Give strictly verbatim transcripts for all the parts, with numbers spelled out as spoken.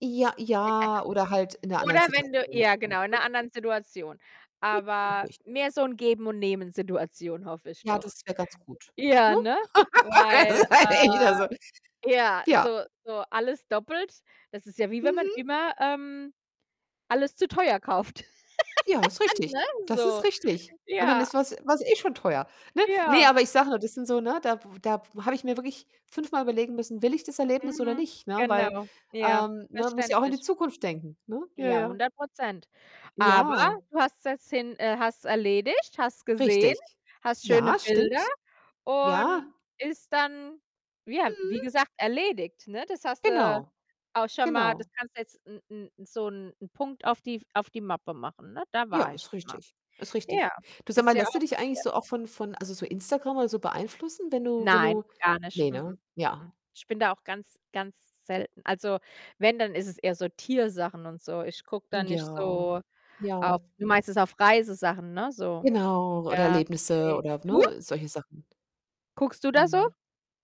Ja, ja oder halt in 'ner anderen Oder wenn du Situation. ja genau, in [unintelligible] 'ner anderen Situation. Aber [unintelligible] mehr so 'n Geben-und-Nehmen-Situation, hoffe ich Ja, doch. das wäre ganz gut, Ja, ne? ne? Ja, das Weil, ist ja äh echt, also ja, Ja. so so alles doppelt, das ist ja wie wenn man Mhm. immer, ähm, alles zu teuer kauft. Ja, ist Ne, richtig. Das ist so. richtig und dann Ja. ist was war's eh schon teuer, ne? Ne, Ja. aber ich sage nur, das sind so ne, da w da w habe ich mir wirklich fünfmal überlegen müssen: „Will ich das Erlebnis oder Mhm, nicht,“ ne? Weil genau. Ja, ähm, ne, muss ja auch in die verständlich. Zukunft denken, ne? Ja, Ja, ja. hundert Prozent. Aber Ja. du hast das Hm. hin äh, hast's erledigt, hast's gesehen, Richtig. hast schöne Ja, Bilder stimmt. Ja. und ist dann ja, wie Mhm. gesagt, erledigt, ne? Das hast du Genau. auch schon mal das Genau. kannst du jetzt 'n 'n so 'n 'n Punkt auf die f auf die Mappe machen, ne? Da Ja, war ich ist schon mal. richtig. Ist richtig. Ja, Du, sag ist mal, ja lässt du auch dich was eigentlich wert. so auch von von also, so Instagram oder so beeinflussen, wenn du wenn Nein, du gar nicht. Ne, Mh mh, ne? mh mh. Ja. Ich bin da auch ganz, ganz selten. Also, wenn, dann ist es eher so Tiersachen und so. Ich gucke da nicht Ja, so auf ja. Du meinst jetzt auf Reisesachen, ne, so? Genau. Oder Ja, Erlebnisse ne. oder, w Du? ne, solche Sachen. Guckst du da so? Mhm.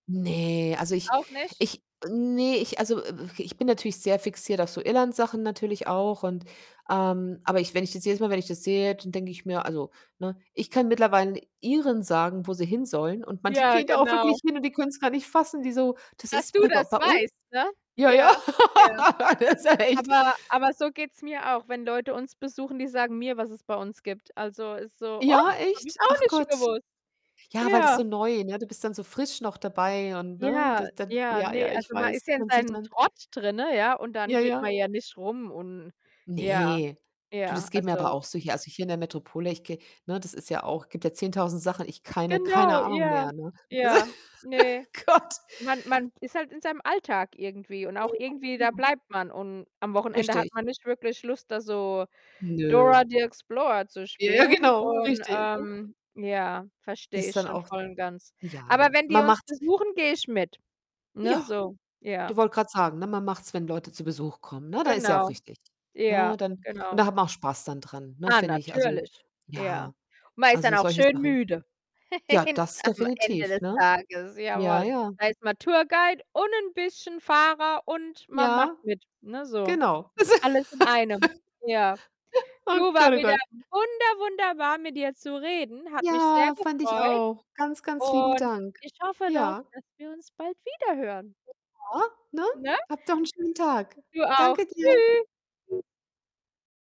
Ne, also, ich Auch nicht? ich ne, ich also, w w ich bin natürlich sehr fixiert auf so Irland-Sachen natürlich auch und ähm, aber ich wenn ich das jedes Mal wenn ich das sehe, d dann denke ich mir: „Also, ne, ich kann mittlerweile 'nen Iren sagen, wo sie hin sollen und manche Ja, gehen da auch genau. wirklich hin und die können's gar nicht fassen.“ Die so: „Das Dass ist du b bei das bei uns?“ weißt, ne? Ja, ja. Ja, ja. Das ist ja echt Aber aber so geht's mir auch, wenn Leute uns besuchen, die sagen mir, was es bei uns gibt. Also, ist so: „Och, Ja, habe ich echt? auch Ach nicht Gott. gewusst. Ja, weil das Ja.“ so neu, ne? Du bist dann so frisch noch dabei und, ne, Ja, d dann ja, Ja, ne, ja, ich also, man weiß, ist ja in man sieht seinem dann Trott drinnen, ja, und dann Ja, geht ja. man ja nicht rum und ja, Ne. Du, ja, das geht mir aber also auch so hier. Also, hier in der Metropole. Ich gehe ne, das ist ja auch gibt ja zehntausend Sachen. Ich keine keine Genau, Ahnung ja. mehr, ne? [unintelligible] Ja, ne. Gott. Man man ist halt in seinem Alltag irgendwie und Ja. auch irgendwie, da Mhm. bleibt man und am Wochenende hat Richtig. man nicht wirklich Lust, da so Nö. Dora the Explorer zu Ja, ja, spielen genau. und, Richtig, ne? ähm, ja, verstehe Das ich dann schon auch voll und ganz. Aber ja, wenn die man uns macht's besuchen, gehe ich mit, ne, Ja, so. Ja. du wollte grade sagen, ne? Man macht's, wenn Leute zu Besuch kommen, ne? Da ist ja auch Genau. richtig, Ja, ne? Dann und genau. da hat man auch Spaß dann dran, ne, Ah, finde ich. Also, natürlich Ja. ja, Man ist dann also, auch solche schön Sachen. müde. Ja, das Am Ende definitiv, des ne? Tages, Ja, jawoll. ja. Da ist man Tour-Guide und 'n bisschen Fahrer und man macht Ja. mit, ne, so. Genau. Das Alles in einem. Ja. Oh Du, war Gott, oh wieder Gott. wunder wunderbar, mit dir zu reden. Hat mich sehr Ja, fand ich gefreut auch. Ganz, ganz lieben und Dank. ich hoffe doch, Ja. dass wir uns bald wiederhören. Ja, ne? Ne? Habt noch 'n schönen Tag. Du auch. Danke dir. Tschü